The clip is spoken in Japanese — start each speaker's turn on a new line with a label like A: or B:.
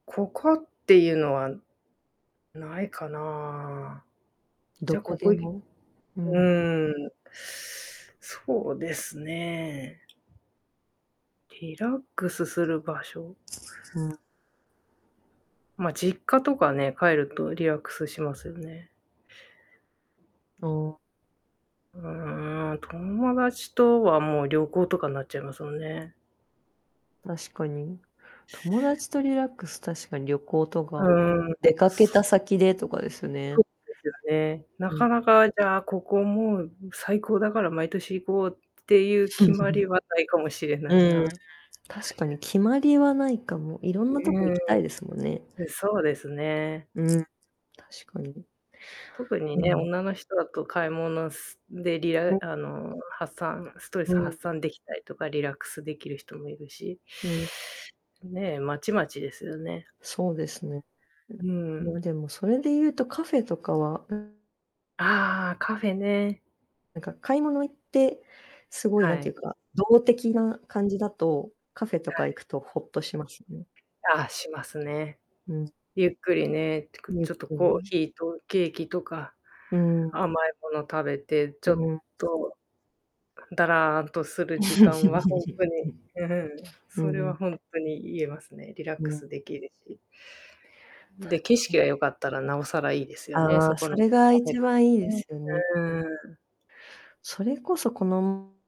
A: ここっていうのは、ないかな。じ
B: ど
A: ゃ、
B: こ
A: ここ
B: で
A: い
B: も？うん。
A: うん。そうですね。リラックスする場所。
B: うん。
A: ま、実家とかね、帰るとリラックスしますよね。
B: お。
A: うーん、友達とはもう旅行とかんなっちゃいますもんね。
B: 確かに、友達とリラックス、確かに旅行と
A: う
B: か、
A: ーん。
B: 出かけた先でとかです
A: ふ
B: ね。
A: ですよね。な
B: う
A: か
B: ん。
A: なかじゃあ、ここもう最高だから毎年行こうっていう決まり はないかもしれない
B: うん、
A: な。
B: 確かに決まりはないかも。いろんな
A: い
B: とこ行
A: う
B: き
A: ん。
B: たいですもんね。
A: え、そうですね。
B: うん、確かに。
A: 特に
B: う
A: ね、
B: ん。
A: 女の人だと買い物すでリラ
B: お。
A: あの、発散ストレ
B: う
A: ス
B: ん。
A: 発散でき
B: う
A: た
B: ん。
A: りとか、リラックスできる人もいるし
B: うん。
A: ね、まちまちですよね。
B: そうですね。いだ
A: うん。
B: ま、でもそれで言うとカフェとかは、うん。
A: ああ、カフェね。
B: なんか買い物行って、凄い何
A: は
B: て
A: い。
B: 言うか、動的な感じだと、カフェ
A: は
B: とか
A: い。
B: 行くとほっとしますね。
A: ああ、しますね。
B: うん。
A: ゆっくりね、ってか、
B: ゆっ
A: ちょっと
B: くり
A: コー
B: ね。
A: ヒーとケーキとか、
B: うん。
A: 甘いもの食べて、ち
B: う
A: ょっ
B: ん。
A: とだらーんとする時間は、ほんとに。う、ふん、
B: うう
A: それは
B: ん。
A: ほんとに言えますね、リラック
B: ね。
A: スできるし。
B: 確
A: で、景
B: か
A: 色
B: に。
A: が良かったら、なおさらいいですよね、
B: あ
A: そ
B: あ、
A: こ
B: そ
A: の
B: れが
A: カフェが。
B: 一番いいですよね。
A: うん、うーん。
B: それこそ、この